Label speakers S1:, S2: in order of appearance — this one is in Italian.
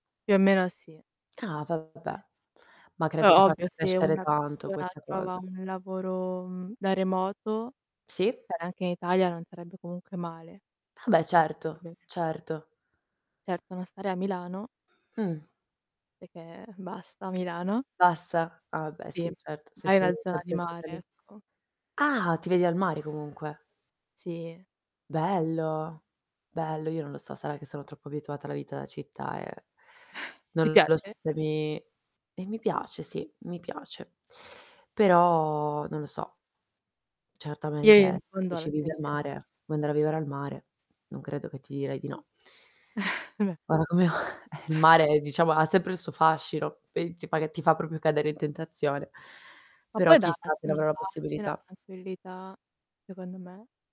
S1: Più o meno sì.
S2: Ah vabbè, ma
S1: Poi
S2: credo che
S1: ovvio
S2: faccia
S1: se
S2: crescere
S1: una
S2: tanto
S1: persona
S2: questa
S1: trova
S2: cosa.
S1: un lavoro, mhmm, da remoto,
S2: Sì.
S1: cioè anche in Italia non sarebbe comunque male.
S2: Vabbè certo,
S1: [unintelligible]
S2: certo.
S1: Certo, non starei a Milano
S2: Mh.
S1: perché basta Milano.
S2: Basta. Ah beh
S1: Sì,
S2: sì certo, se
S1: mai
S2: sei
S1: una zona di
S2: sempre stata
S1: mare,
S2: lì.
S1: ecco.
S2: Ah ti vedi al mare comunque.
S1: Sì.
S2: Bello, bello, io non lo so, sarà che sono troppo abituata alla vita da città e
S1: Ti
S2: non lo so
S1: piace?
S2: se mi e mi piace sì, mi piace. Però non lo so.
S1: [unintelligible]
S2: Certamente
S1: In
S2: se mi
S1: fondo
S2: dici vivi al
S1: [unintelligible]
S2: mare,
S1: no?
S2: vuoi andare a vivere al mare, non credo che ti direi di no. Ora come o eh, il mare diciamo ha sempre il suo fascino, [unintelligible] ti fa proprio cadere in tentazione,
S1: Ma
S2: però
S1: poi da
S2: chissà se ne
S1: una
S2: avrò la
S1: pace, una
S2: possibilità.
S1: tranquillità secondo me.